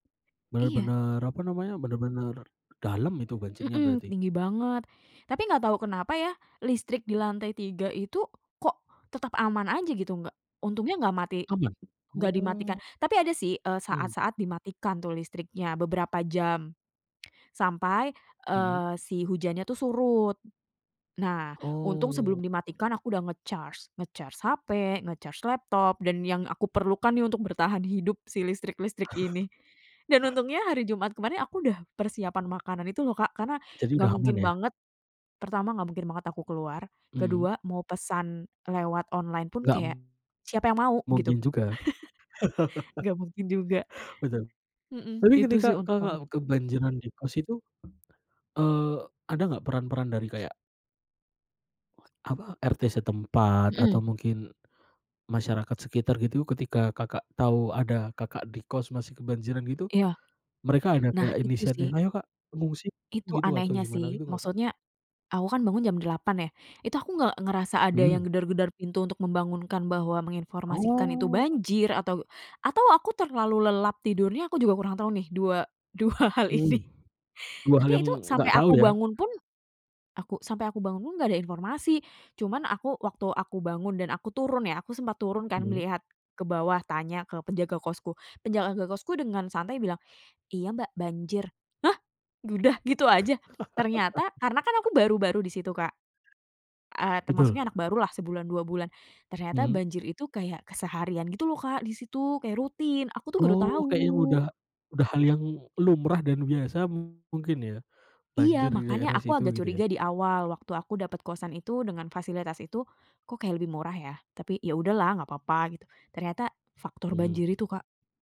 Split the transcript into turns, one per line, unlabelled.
Iya.
Bener-bener apa namanya, bener-bener dalam itu banjirnya
Mhm,
berarti.
tinggi banget. Tapi gak tau kenapa ya, listrik di lantai 3 itu kok tetap aman aja gitu, nggak untungnya gak mati,
Aman?
nggak dimatikan.
Oh.
Tapi ada sih, eee
Mmm.
saat-saat dimatikan tuh listriknya, beberapa jam, sampai,
Mhm.
eee, si hujannya tuh surut. Nah, untung sebelum
Oh.
dimatikan aku udah nge-charge, nge-charge HP, nge-charge laptop, dan yang aku perlukan nih untuk bertahan hidup, si listrik-listrik ini. Dan untungnya hari Jumat kemarin, aku udah persiapan makanan itu loh Kak, karena
Jadi
gak
udah aman
mungkin
ya?
banget pertama, gak mungkin banget aku keluar,
Mhm.
kedua mau pesan lewat online pun
Nggak
kayak, siapa yang mau,
mungkin
gitu.
juga.
Gak mungkin juga,
Bener,
hmm,
tapi,
itu
ketika
sih untung banget.
Kakak kebanjiran di kos itu, eee ada gak, peran-peran dari kayak apa, RT setempat atau
Hmm.
mungkin masyarakat sekitar gitu, ketika Kakak, tahu ada Kakak di kos masih kebanjiran gitu,
Iya,
mereka ada
nah,
kayak
itu sih.
inisiatif, "Ayo Kak, mengungsi,"
Itu
gitu, atau
anehnya
gimana
sih.
gitu gak Kak?
Maksudnya, aku kan bangun jam 8.00 ya, itu aku nge ngerasa ada yang
Mmm.
gedor-gedor pintu untuk membangunkan bahwa menginformasikan itu
Oh.
banjir, atau atau aku terlalu lelap tidurnya, aku juga kurang tahu nih, dua dua hal ini.
Mmm, 2 hal
Tapi
yang
itu, sampai
nggak
aku
tahu ya.
bangun pun, aku sampai aku bangun pun nggak ada informasi. Cuman aku waktu aku bangun dan aku turun ya, aku sempat turun kan,
Mhm.
melihat ke bawah, tanya ke penjaga kosku. Penjaga kosku dengan santai bilang, "Iya Mbak, banjir." Hah, udah, gitu aja? Ternyata, karena kan aku baru-baru di situ Kak, eee, termasuk
Betul.
anak barulah, sebulan, 2 bulan. Ternyata
Mmm.
banjir itu kayak keseharian gitu loh Kak, di situ kayak rutin, aku tuh baru
Oh, kayaknya
tahu.
udah udah hal yang lumrah dan biasa mungkin ya,
Iya,
banjir di
makanya
daerah
aku
situ
agak
gitu
curiga
ya.
di awal, waktu aku dapet kosan itu, dengan fasilitas itu, kok kayak lebih murah ya. Tapi, ya udahlah, gak papa gitu. Ternyata, faktor banjir
Mhm.
itu Kak.